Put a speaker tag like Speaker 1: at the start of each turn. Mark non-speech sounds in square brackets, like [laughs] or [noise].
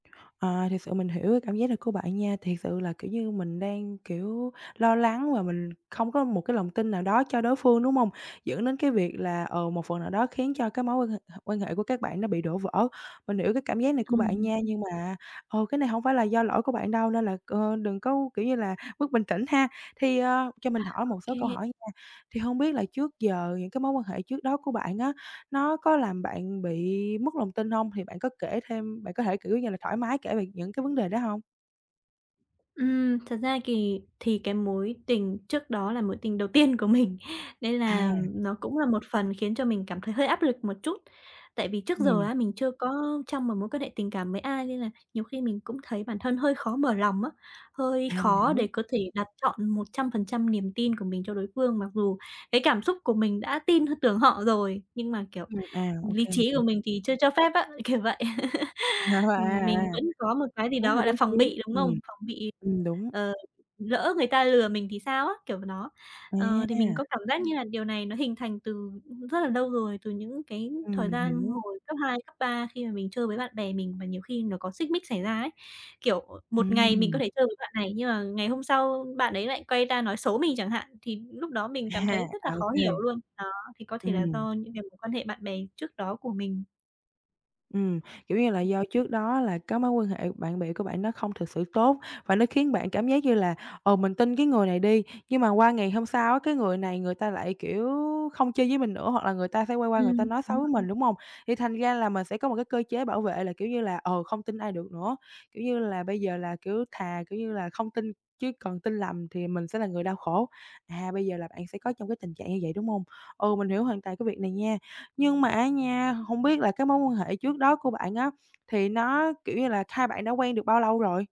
Speaker 1: À, thiệt sự mình hiểu cái cảm giác này của bạn nha. Thiệt sự là, kiểu như, mình đang, kiểu, lo lắng là mình không có một cái lòng tin nào đó cho đối phương, đúng hông? Dẫn đến cái việc là, ờ, một phần nào đó khiến cho cái mối quan hệ hệ quan hệ của các bạn nó bị đổ vỡ. Mình hiểu cái cảm giác này của bạn
Speaker 2: Ừm.
Speaker 1: nha, nhưng mà, ờ, cái này hông phải là do lỗi của bạn đâu nên là, ơ, đừng có, kiểu như là, mất bình tĩnh ha. Thì, ờ, cho
Speaker 2: À,
Speaker 1: mình hỏi
Speaker 2: ô
Speaker 1: một số
Speaker 2: kê.
Speaker 1: câu hỏi nha. Thì hông biết là trước giờ những cái mối quan hệ trước đó của bạn, á, nó có làm bạn bị mất lòng tin hông? Thì bạn có kể thêm bạn có thể, kiểu như là, thoải mái kể về những cái vấn đề đó hông?
Speaker 2: Ừm, thật ra kì thì cái mối tình trước đó là mối tình đầu tiên của mình nên là,
Speaker 1: À.
Speaker 2: ừm, nó cũng là một phần khiến cho mình cảm thấy hơi áp lực một chút. Tại vì trước giờ,
Speaker 1: Ừm.
Speaker 2: á, mình chưa có trong một mối quan hệ tình cảm với ai nên là nhiều khi mình cũng thấy bản thân hơi khó mở lòng, á, hơi
Speaker 1: À, mình
Speaker 2: khó
Speaker 1: hiểu.
Speaker 2: để có thể đặt trọn 100% niềm tin của mình cho đối phương mặc dù cái cảm xúc của mình đã tin h tưởng họ rồi, nhưng mà, kiểu,
Speaker 1: Ừm, à, ô
Speaker 2: lý
Speaker 1: kê, mình
Speaker 2: trí của
Speaker 1: hiểu.
Speaker 2: mình thì chưa cho phép, á, kiểu vậy. [laughs]
Speaker 1: [unintelligible] À,
Speaker 2: Ừm, mình
Speaker 1: à.
Speaker 2: vẫn có một cái gì
Speaker 1: Tốt
Speaker 2: đó,
Speaker 1: hơn
Speaker 2: gọi là,
Speaker 1: lý
Speaker 2: phòng
Speaker 1: trí,
Speaker 2: bị, đúng
Speaker 1: ừm,
Speaker 2: không? Phòng bị,
Speaker 1: ừm, đúng.
Speaker 2: ờ, lỡ người ta lừa mình thì sao, á, kiểu v nó, ờ, thì mình
Speaker 1: À.
Speaker 2: có cảm giác như là điều này nó hình thành từ rất là nâu rồi, từ những cái
Speaker 1: Ừm,
Speaker 2: thời
Speaker 1: mình
Speaker 2: gian
Speaker 1: hiểu.
Speaker 2: hồi cấp 2, cấp 3 khi mà mình chơi với bạn bè mình và nhiều khi nó có xích mích xảy ra ấy, kiểu, một ngày mình có
Speaker 1: Ừm.
Speaker 2: thể chơi với bạn này nhưng mà ngày hôm sau bạn ấy lại quay ra nói xấu mình chẳng hạn, thì lúc đó mình
Speaker 1: À,
Speaker 2: cảm thấy rất là
Speaker 1: à, ô
Speaker 2: khó hiểu
Speaker 1: kê.
Speaker 2: luôn. Đó, thì có thể là
Speaker 1: Ừm.
Speaker 2: do những cái mối quan hệ bạn bè trước đó của mình.
Speaker 1: Ừm, kiểu như là, do trước đó là cái mối quan hệ bạn bè của bạn nó không thực sự tốt và nó khiến bạn cảm giác như là, ờ, mình tin cái người này đi, nhưng mà qua ngày hôm sau, á, cái người này người ta lại, kiểu, không chơi với mình nữa hoặc là người ta sẽ quay qua người
Speaker 2: Ừm
Speaker 1: ta nói xấu với mình,
Speaker 2: [unintelligible]
Speaker 1: đúng hông? Thì thành ra là mình sẽ có một cái cơ chế bảo vệ là, kiểu như là, ờ, không tin ai được nữa, kiểu như là, bây giờ là, kiểu, thà, kiểu như là, không tin chứ còn tin lầm thì mình sẽ là người đau khổ, à, bây giờ là bạn sẽ có trong cái tình trạng như vậy, đúng hông? Ừ, mình hiểu hoàn toàn cái việc này nha, nhưng mà á nha, hông biết là cái mối quan hệ trước đó của bạn, á, thì nó kiểu như là, hai bạn đã quen được bao lâu rồi?